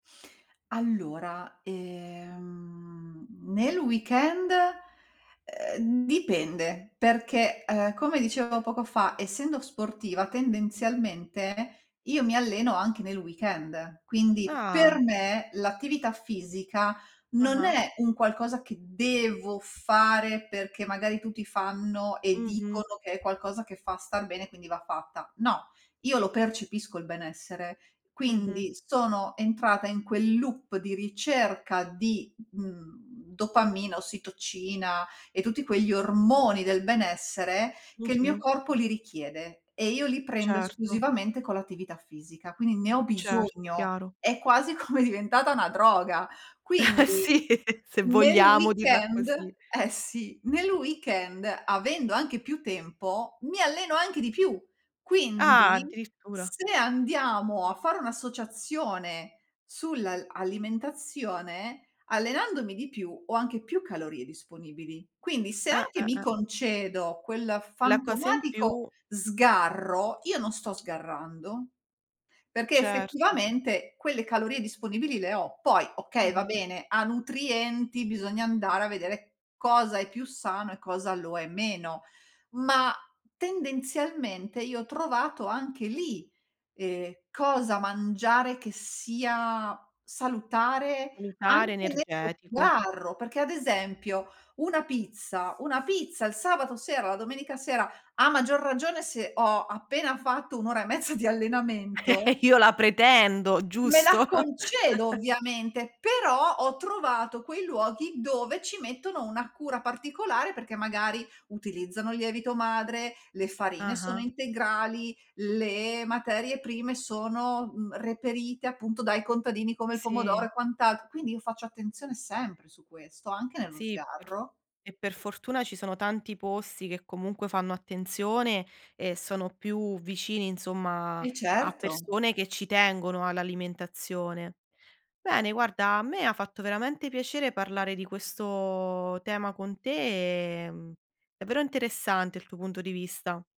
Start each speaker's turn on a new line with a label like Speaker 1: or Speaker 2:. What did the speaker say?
Speaker 1: Allora, ehm, nel weekend, uhm, dipende, perché, uhm, come dicevo poco fa, essendo sportiva, tendenzialmente, io mi alleno anche nel weekend, quindi per
Speaker 2: Ah.
Speaker 1: me, l'attività fisica non
Speaker 2: Ah-ah.
Speaker 1: è un qualcosa che devo fare, perché magari tutti fanno e
Speaker 2: Mh-mh.
Speaker 1: dicono che è qualcosa che fa star bene, quindi va fatta. No, io lo percepisco il benessere,
Speaker 2: Mh-mh.
Speaker 1: quindi sono entrata in quel loop di ricerca di, mhmm, dopamina, ossitocina e tutti quegli ormoni del benessere, che il mio
Speaker 2: Mh-mh.
Speaker 1: corpo li richiede e io li prendo
Speaker 2: Certo.
Speaker 1: esclusivamente con l'attività fisica. Quindi ne ho
Speaker 2: Certo,
Speaker 1: bisogno,
Speaker 2: chiaro.
Speaker 1: è quasi come diventata una droga. Quindi
Speaker 2: Sì, se
Speaker 1: nel
Speaker 2: vogliamo dirla
Speaker 1: weekend
Speaker 2: così.
Speaker 1: eh, sì, nel weekend avendo anche più tempo, mi alleno anche di più.
Speaker 2: Ah,
Speaker 1: Quindi
Speaker 2: addirittura.
Speaker 1: se andiamo a fare un'associazione sull'al alimentazione, allenandomi di più, ho anche più calorie disponibili. Quindi se
Speaker 2: Ah,
Speaker 1: anche
Speaker 2: ah,
Speaker 1: mi
Speaker 2: ah.
Speaker 1: concedo quel
Speaker 2: La cosa in
Speaker 1: fantomatico
Speaker 2: più.
Speaker 1: sgarro, io non sto sgarrando, perché,
Speaker 2: Certo.
Speaker 1: effettivamente, quelle calorie disponibili le ho. Poi, okay, va
Speaker 2: Mh-mh.
Speaker 1: bene, a nutrienti, bisogna andare a vedere cosa è più sano e cosa lo è meno, ma, tendenzialmente, io ho trovato anche lì, ehm, cosa mangiare, che sia salutare
Speaker 2: Salutare,
Speaker 1: anche nello
Speaker 2: energetico.
Speaker 1: sgarro, perché ad esempio 1 pizza 1 pizza, il sabato sera, la domenica sera, a maggior ragione, se ho appena fatto 1 ora e mezza di allenamento
Speaker 2: Io la pretendo,
Speaker 1: me la
Speaker 2: giusto?
Speaker 1: concedo ovviamente. Però, ho trovato quei luoghi dove ci mettono una cura particolare, perché, magari, utilizzano il lievito madre, le farine sono
Speaker 2: Ah-ah.
Speaker 1: integrali, le materie prime sono, mhmm, reperite appunto dai contadini, come il pomodoro
Speaker 2: Sì.
Speaker 1: e quant'al quindi io faccio attenzione sempre su questo, anche nello
Speaker 2: Sì, pr
Speaker 1: sgarro.
Speaker 2: e per fortuna, ci sono tanti posti che, comunque, fanno attenzione e sono più vicini, insomma,
Speaker 1: Eh,
Speaker 2: a
Speaker 1: certo.
Speaker 2: persone che ci tengono all'alimentazione. Bene, guarda, a me ha fatto veramente piacere parlare di questo tema con te, ehm, davvero interessante il tuo punto di vista.